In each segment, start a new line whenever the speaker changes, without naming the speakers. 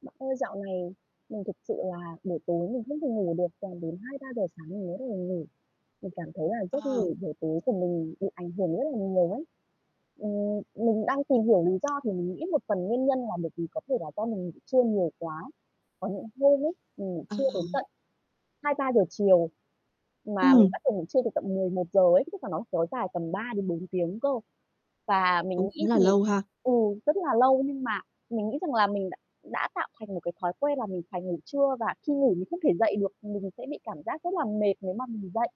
Bạn ơi, dạo này mình thực sự là buổi tối mình không thể ngủ được, toàn đến 2:00-3:00 sáng mình mới bắt đầu ngủ. Mình cảm thấy là giấc
Ờ.
ngủ buổi tối của mình bị ảnh hưởng rất là nhiều ấy. Ừm, mình đang tìm hiểu lý do thì mình nghĩ một phần nguyên nhân là bởi vì có thể là do mình ngủ trưa nhiều quá. Có những hôm ấy, mình ngủ trưa đến
À.
tận 2:00-3:00 chiều, mà mình
Ừm.
bắt đầu ngủ trưa từ tận 11:00 ấy, [unintelligible] nó kéo dài tầm 3 đến 4 tiếng cơ. Và mình
Cũng
nghĩ
là
thì,
lâu ha.
ừ, rất là lâu nhưng mà mình nghĩ rằng là mình đ đã tạo thành một cái thói quen là mình phải ngủ trưa và khi ngủ mình không thể dậy được, mình sẽ bị cảm giác rất là mệt nếu mà mình dậy.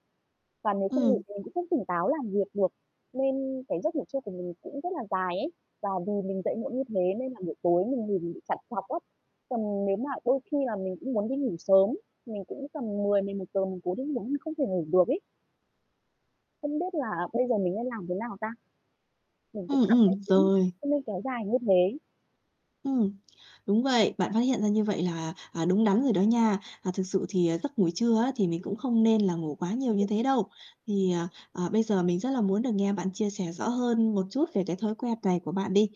Và nếu không ngủ
Ừm.
thì mình cũng không tỉnh táo làm việc được. Nên cái giấc ngủ trưa của mình cũng rất là dài ấy. Và vì mình dậy muộn như thế nên là buổi tối mình ngủ bị trằn trọc á. Còn nếu mà đôi khi là mình cũng muốn đi ngủ sớm, mình cũng tầm 10:00-11:00 mình cố đi ngủ nhưng không thể ngủ được ấy. Không biết là bây giờ mình nên làm thế nào ta? Mình cũng
Ừm,
cảm
ừm.
thấy
Rồi.
không nên kéo dài như thế.
Ừm. Đúng vậy. Bạn phát hiện ra như vậy là, à, đúng đắn rồi đó nha. À, thực sự thì, à, giấc ngủ trưa á, thì mình cũng không nên là ngủ quá nhiều như thế đâu. Thì, à, à, bây giờ mình rất là muốn được nghe bạn chia sẻ rõ hơn một chút về cái thói quen này của bạn đi.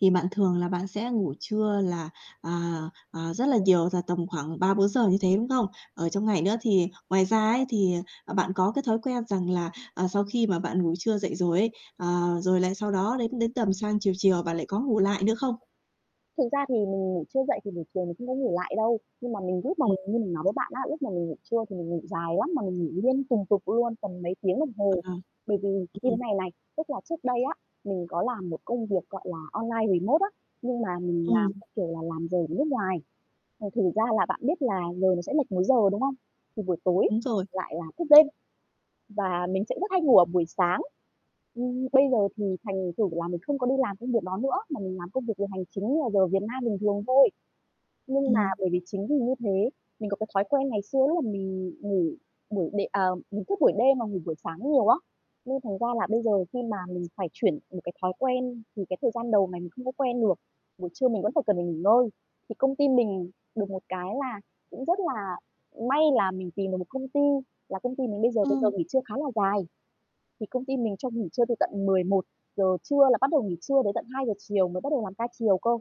Thì bạn thường là bạn sẽ ngủ trưa là, à, à, rất là nhiều, là tầm khoảng 3-4 giờ như thế, đúng không? Ở trong ngày nữa thì ngoài ra ấy, thì, ờ, bạn có cái thói quen rằng là, à, sau khi mà bạn ngủ trưa dậy rồi ấy, ờ, rồi lại sau đó đến đến tầm sang chiều chiều bạn lại có ngủ lại nữa không?
Thực ra thì mình ngủ trưa dậy thì buổi chiều mình không có ngủ lại đâu. Nhưng mà mình lúc mà
Ừm.
mình như mình nói với bạn á, lúc mà mình ngủ trưa thì mình ngủ dài lắm, mà mình ngủ liên tùng tục luôn, tầm mấy tiếng đồng hồ.
À.
Bởi vì như thế
Ừm.
này này, tức là trước đây á, mình có làm một công việc, gọi là, online remote á, nhưng mà mình làm
Ừm.
theo kiểu là làm giờ ở nước ngoài. À, thành ra là bạn biết là giờ nó sẽ lệch múi giờ, đúng không? Thì buổi tối
Đúng rồi.
lại là thức đêm và mình sẽ rất hay ngủ ở buổi sáng. Ừm, bây giờ thì thành thử là mình không có đi làm công việc đó nữa, mà mình làm công việc về hành chính như là giờ Việt Nam bình thường thôi. Nhưng mà
Ừm.
bởi vì chính vì như thế, mình có cái thói quen ngày xưa lúc mà mình ngủ buổi đêm à, mình thức buổi đêm mà ngủ buổi sáng nhiều á, nên thành ra là bây giờ khi mà mình phải chuyển một cái thói quen thì cái thời gian đầu này mình không có quen được, buổi trưa mình vẫn phải cần phải nghỉ ngơi. Thì công ty mình được một cái là cũng rất là may là mình tìm được một công ty là công ty mình bây giờ thì giờ
Ừm.
nghỉ trưa khá là dài. Thì công ty mình cho nghỉ trưa từ tận 11:00 trưa là bắt đầu nghỉ trưa đến tận 2:00 chiều mới bắt đầu làm ca chiều cơ.